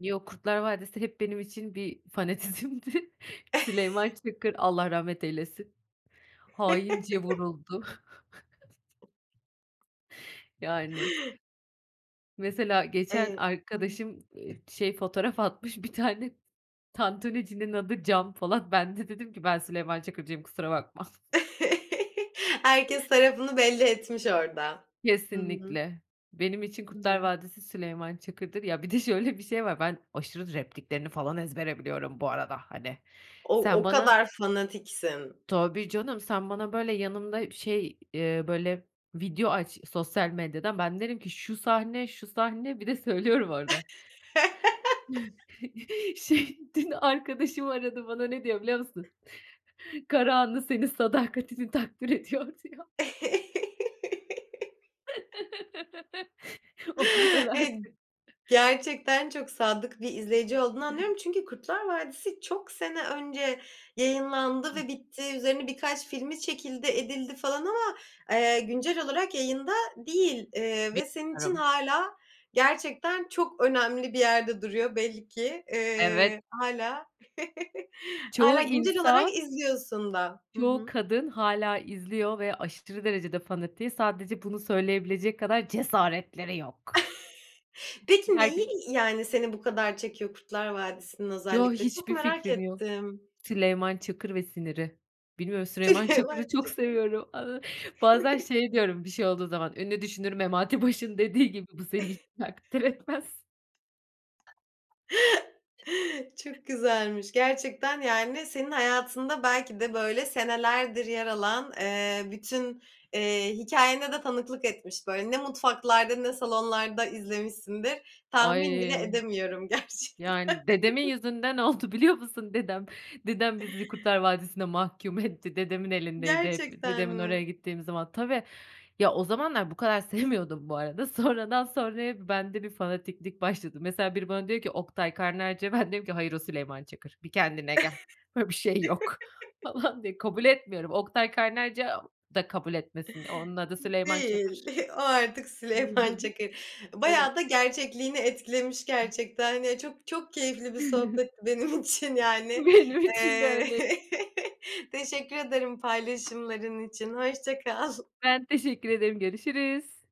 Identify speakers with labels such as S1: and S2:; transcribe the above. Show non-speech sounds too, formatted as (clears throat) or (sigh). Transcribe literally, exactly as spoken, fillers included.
S1: Yo, Kurtlar Vadisi hep benim için bir fanatizmdi. Süleyman Çakır, Allah rahmet eylesin, haince vuruldu. (chuckles) Yani. Mesela geçen
S2: Eee, hı hı.
S1: arkadaşım, ııı, şey, fotoğraf atmış bir tane, tantunicinin adı, Can Polat. Ben de dedim ki "Ben Süleyman Çakır'cıyım, kusura bakma."
S2: (chuckles) Herkes tarafını belli etmiş orada. Hı hı.
S1: Kesinlikle. Benim için
S2: Hı
S1: Kurtlar
S2: hı.
S1: Vadisi Süleyman Çakır'dır. Ya bir de şöyle bir şey var, ben aşırı repliklerini falan ezbere biliyorum bu arada hani.
S2: O,
S1: Sen
S2: o
S1: bana
S2: kadar fanatiksin.
S1: Tabii canım, sen bana, böyle, yanımda şey, eee, böyle, video aç sosyal medyadan, ben derim ki "Şu sahne, şu sahne." bir de söylüyorum orada. (chuckles) Şey dün arkadaşım aradı, bana ne diyor biliyor musun? (chuckles) "Karahanlı, senin sadakatini takdir ediyor." diyor. (laughs) O kadar
S2: (inhales) Evet.
S1: artık. (chuckles)
S2: Gerçekten çok sadık bir izleyici olduğunu anlıyorum çünkü Kurtlar Vadisi, çok sene önce yayınlandı ve
S1: (clears throat)
S2: bitti, üzerine birkaç filmi çekildi edildi falan ama, ııı, güncel olarak yayında değil, ııı, ve senin için
S1: (unintelligible)
S2: hâlâ, gerçekten çok önemli bir yerde duruyor belli ki.
S1: Evet.
S2: Iıı, hâlâ, (chuckles)
S1: Çoğu
S2: hâlâ güncel olarak
S1: insan
S2: izliyorsun da. Hı
S1: Çoğu
S2: hı.
S1: kadın hâlâ izliyor ve aşırı derecede fanatiği. Sadece bunu söyleyebilecek kadar cesaretleri yok.
S2: (chuckles) Peki neyi
S1: (unintelligible)
S2: yani seni bu kadar çekiyor Kurtlar Vadisi'nin
S1: Yo,
S2: özellikle? Çok
S1: hiçbir
S2: merak
S1: fikrim yok.
S2: ettim.
S1: Süleyman Çakır ve siniri. Bilmiyorum Süleyman
S2: Süleyman
S1: Çakır'ı çok
S2: Çakır.
S1: seviyorum. Iıı, bazen
S2: (chuckles)
S1: şey diyorum, bir şey olduğu zaman, ünlü düşünür Memati Baş'ın dediği gibi, "Bu seni hiç takdir etmez."
S2: (chuckles) Çok güzelmiş gerçekten yani, senin hayatında belki de böyle senelerdir yer alan, ııı, bütün, iii, hikâyene de tanıklık etmiş, böyle, ne mutfaklarda, ne salonlarda izlemişsindir, tahmin bile
S1: Ay.
S2: edemiyorum gerçekten.
S1: Yani dedemin
S2: (chuckles)
S1: yüzünden oldu biliyor musun? Dedem, dedem bizi Kurtlar Vadisi'ne mahkum etti, dedemin elindeydi hep,
S2: Gerçekten
S1: dedemin oraya
S2: mi?
S1: gittiğim zaman. Tabii, ya o zamanlar bu kadar sevmiyordum bu arada, sonradan sonraya bende bir fanatiklik başladı. Mesela, biri bana diyor ki, "Oktay Kaynarca." ben de diyorum ki, "Hayır o Süleyman Çakır, bir kendine gel, böyle bir şey yok." falan diye kabul etmiyorum. Oktay Kaynarca da kabul etmesin, onun adı
S2: (inhales)
S1: Süleyman
S2: Değil,
S1: Çakır.
S2: o artık Süleyman
S1: (unintelligible)
S2: Çakır.
S1: Aynen.
S2: Bayağı da gerçekliğini etkilemiş gerçekten ya. Çok, çok keyifli bir sohbetti benim için yani.
S1: Benim için de
S2: Iıı,
S1: öyle.
S2: (chuckles) teşekkür ederim paylaşımların için. Hoşça kal.
S1: Ben teşekkür ederim, görüşürüz.